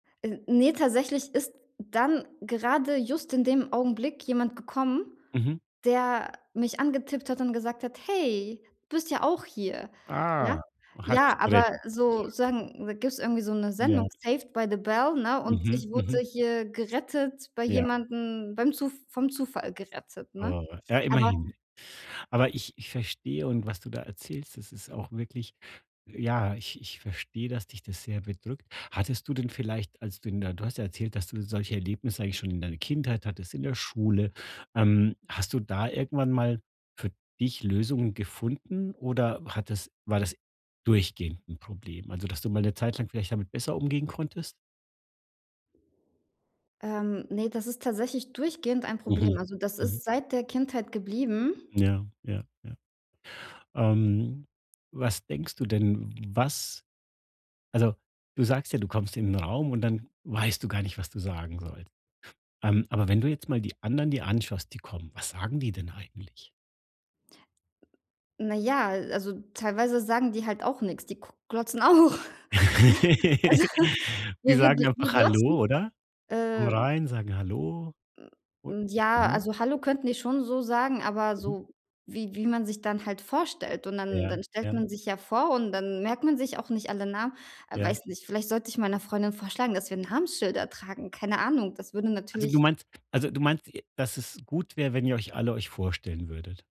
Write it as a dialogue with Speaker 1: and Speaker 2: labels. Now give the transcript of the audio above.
Speaker 1: Äh, ne, tatsächlich ist dann gerade just in dem Augenblick jemand gekommen,
Speaker 2: Mhm.
Speaker 1: der mich angetippt hat und gesagt hat: 'Hey, du bist ja auch hier!' Ja?
Speaker 2: Ah, hat dich
Speaker 1: Ja, aber
Speaker 2: gerettet so zu
Speaker 1: so
Speaker 2: sagen?
Speaker 1: sagen, da gibt's irgendwie so 'ne Sendung
Speaker 2: Ja.
Speaker 1: 'Saved by the Bell', ne, und
Speaker 2: Mhm.
Speaker 1: ich wurde
Speaker 2: Mhm.
Speaker 1: hier gerettet bei
Speaker 2: Ja.
Speaker 1: jemandem, beim Zu vom Zufall gerettet, ne?
Speaker 2: Oh, ja
Speaker 1: Aber
Speaker 2: immerhin. Aber ich ich verstehe und was du da erzählst, das ist auch wirklich, ja, ich ich verstehe, dass dich das sehr bedrückt. Hattest du denn vielleicht, als du in der du hast ja erzählt, dass du solche Erlebnisse eigentlich schon in deiner Kindheit hattest, in der Schule, ähm. Hast du da irgendwann mal für dich Lösungen gefunden oder hat es war das durchgehend 'n Problem? Also, dass du mal 'ne Zeit lang vielleicht damit besser umgehen konntest?
Speaker 1: Ähm, ne, das ist tatsächlich durchgehend ein Problem.
Speaker 2: Mhm,
Speaker 1: Also, das
Speaker 2: mhm.
Speaker 1: ist seit der Kindheit geblieben.
Speaker 2: Ja, ja, ja. Ähm, was denkst du denn was also, du sagst ja: „Du kommst in den Raum und dann weißt du gar nicht, was du sagen sollst“. Ähm, aber, wenn du jetzt mal die anderen dir anschaust, die kommen, was sagen die denn eigentlich?
Speaker 1: Na ja, äh, also, teilweise sagen die halt auch nix, die kuck glotzen auch. Also,
Speaker 2: Die
Speaker 1: wir wir
Speaker 2: sagen
Speaker 1: wir
Speaker 2: einfach:
Speaker 1: glotzen
Speaker 2: „Hallo“, oder? Kommen
Speaker 1: äh
Speaker 2: rein, sagen: „Hallo.
Speaker 1: M
Speaker 2: Und
Speaker 1: hm, ja,
Speaker 2: dann?
Speaker 1: also, hallo, könnten die schon so sagen, aber
Speaker 2: Mhm.
Speaker 1: so wie wie man sich dann halt vorstellt. Und dann
Speaker 2: Ja,
Speaker 1: dann stellt
Speaker 2: ja.
Speaker 1: man sich ja vor und dann merkt man sich auch nicht alle Namen. Ah,
Speaker 2: Ja.
Speaker 1: weiß nicht, vielleicht sollte ich meiner Freundin vorschlagen, dass wir Namensschilder tragen. Keine Ahnung, das würde
Speaker 2: Also, du
Speaker 1: natürlich
Speaker 2: meinst also, du meinst, äh, dass es gut wäre, wenn ihr euch alle euch vorstellen würdet.